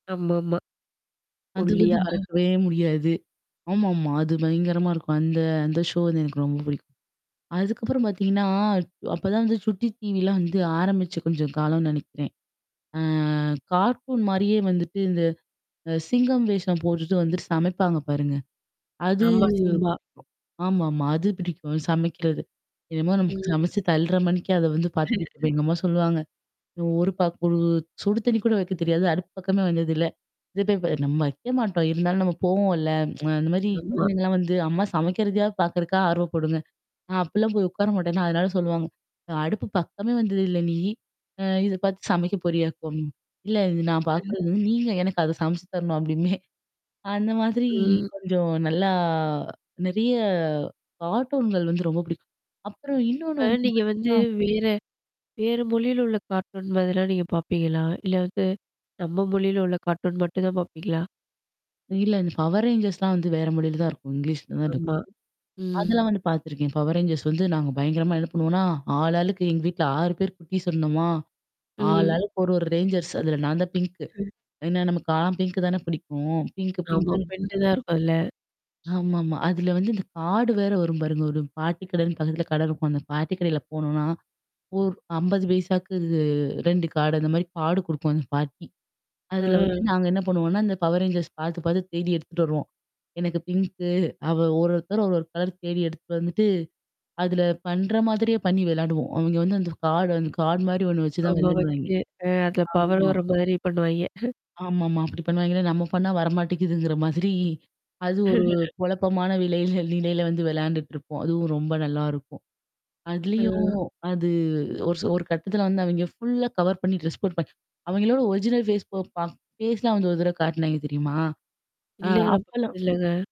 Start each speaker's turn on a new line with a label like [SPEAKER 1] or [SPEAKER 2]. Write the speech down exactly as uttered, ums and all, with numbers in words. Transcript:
[SPEAKER 1] ஆமாமா.
[SPEAKER 2] அது வந்து
[SPEAKER 1] ஒல்லியா.
[SPEAKER 2] மறக்கவே முடியாது. ஆமாமா. அது பயங்கரமா இருக்கும். அந்த அந்த ஷோ வந்து எனக்கு ரொம்ப பிடிக்கும். அதுக்கப்புறம் பார்த்தீங்கன்னா அப்பதான் வந்து சுட்டி டீவிலாம் வந்து ஆரம்பிச்சு கொஞ்சம் காலம்னு நினைக்கிறேன். அ கார்டூன் மாரியே வந்துட்டு இந்த அ சிங்கம் வேஷம் போட்டுட்டு வந்துட்டு சமைப்பாங்க பாருங்க. அது
[SPEAKER 1] ஆமா. சிம்பா.
[SPEAKER 2] ஆமாமா. அது பிடிக்கும். சமைக்கிறது. என்னமோ நமக்கு
[SPEAKER 1] ம்.
[SPEAKER 2] சமைச்சு தள்ற மணிக்கே அத வந்து பார்த்துட்டுப்ப எங்க அம்மா சொல்லுவாங்க. ஒரு பக்கு சுடு தண்ணி கூட வைக்க தெரியாது. அடுப்பு பக்கமே வந்தது இல்ல. இது போய் நம்ம வைக்க மாட்டோம். இருந்தாலும் நம்ம போவோம்ல்ல. அ அந்த மாரி
[SPEAKER 1] ஆமா.
[SPEAKER 2] குழந்தைங்கலாம் வந்து அம்மா சமைக்கிறதையாவது பார்கறக்காக ஆர்வப்படுங்க. நான் அப்பிடிலாம் போய் உட்கார மாட்டேன்னா, அதனால சொல்லுவாங்க. அடுப்பு பக்கமே வந்தத இல்ல நீ? அ இது பார்த்து சமைக்க போற யாக்கும். இல்ல இது நான்
[SPEAKER 1] ம்.
[SPEAKER 2] பார்கறது நீங்க எனக்கு அத சமைச்சு தரணும் அப்டிம்பேன். அந்த மாதிரி
[SPEAKER 1] ம்.
[SPEAKER 2] கொஞ்சம் நல்லா நெறையா கார்ட்டூன்கள் வந்து ரொம்ப பிடிக்கும். அப்புறம் இன்னொன்னு
[SPEAKER 1] இப்ப
[SPEAKER 2] வந்து
[SPEAKER 1] நீங்க
[SPEAKER 2] பார்த்தீங்கன்னா
[SPEAKER 1] வந்து வேற வேற மொழியில உள்ள கார்ட்டூன் மாதிரியெல்லாம் நீங்க பாப்பீங்களா? இல்ல வந்து, நம்ம மொழியில உள்ள கார்ட்டூன் மட்டும் தான் பாப்பீங்களா?
[SPEAKER 2] இல்ல இந்த Power Rangersலாம் வந்து வேற மொழியில தான் இருக்கும். இங்கிலீஷ்ல தான் இருக்கும்.
[SPEAKER 1] ஆமா. ம்.
[SPEAKER 2] அதெல்லாம் வந்து பார்த்துருக்கேன். Power Rangers வந்து நாங்க பயங்கரமா என்ன பண்ணுவோம்னா, ஆள் ஆளுக்கு எங்க வீட்ல ஆறு பேர் குட்டிஸ் இருந்தோமா! ஆள்
[SPEAKER 1] ம்.
[SPEAKER 2] ஆளுக்கு ஒரு ஒரு ரேஞ்சர்ஸ் அதுல நான் தான் பிங்க்கு
[SPEAKER 1] ம்.
[SPEAKER 2] ஏன்னா நமக்கலாம் பிங்க்கு தானே பிடிக்கும். பிங்க்கு,
[SPEAKER 1] ஆமா.
[SPEAKER 2] பிங்க்குனு
[SPEAKER 1] பின்ட்டு தான்
[SPEAKER 2] சொல்லுவோம்.
[SPEAKER 1] இருக்கும் அதுல.
[SPEAKER 2] ஆமாமா. அதுல வந்து இந்த கார்டு வேற வரும் பாருங்க. ஒரு பாட்டி கடைன்னு பக்கத்தில கடை இருக்கும். அந்த பாட்டி கடையில போனோனா ஒரு ஐம்பது பைசாக்கு ரெண்டு கார்டு அந்த மாரி கார்டு குடுக்கும் அந்த பாட்டி. அதுல வந்து
[SPEAKER 1] அ.
[SPEAKER 2] நாங்க என்ன பண்ணுவோம்ன்னா, இந்த Power Rangers பார்த்து பார்த்து தேடி எடுத்துட்டு வருவோம். எனக்கு பிங்க்கு. அவ ஒரு ஒருத்தர் ஒரு, ஒரு கலர் தேடி எடுத்துட்டு வந்துட்டு, அதுல பண்ற மாதிரியே பண்ணி விளையாடுவோம். அவங்க வந்து அந்த கார்டு அந்த கார்டு மாரி ஒண்ணு வச்சு தான்
[SPEAKER 1] ஆமா
[SPEAKER 2] விளையாடுவாங்க.
[SPEAKER 1] வச்சு. அ அதுல பவர்
[SPEAKER 2] ஆமா.
[SPEAKER 1] வர மாரி பண்ணுவாய்ங்க.
[SPEAKER 2] ஆமாமா. அப்படி பண்ணுவாங்களா, நம்ம பண்ணா வரமாட்டேங்கிதுங்கிற மாதிரி அது ஒரு குழப்பமான விலையில நிலையில வந்து விளையாண்டுட்டுருப்போம். அதுவும் ரொம்ப நல்லா இருக்கும். அதுலயும்
[SPEAKER 1] அம்.
[SPEAKER 2] அது ஒரு ச ஒரு கட்டத்தில வந்து அவங்க ஃபுல்லா கவர் பண்ணி ட்ரெஸ் போட் பண்ணி அவங்களோட ஒரிஜினல் ஃபேஸ் போ ப ஃபேஸ்லாம் வந்து ஒரு தடவ காட்டினாங்க தெரியுமா? அ
[SPEAKER 1] இல்லங்க, நான்
[SPEAKER 2] அப்பலாம்
[SPEAKER 1] பாத்தது இல்லங்க.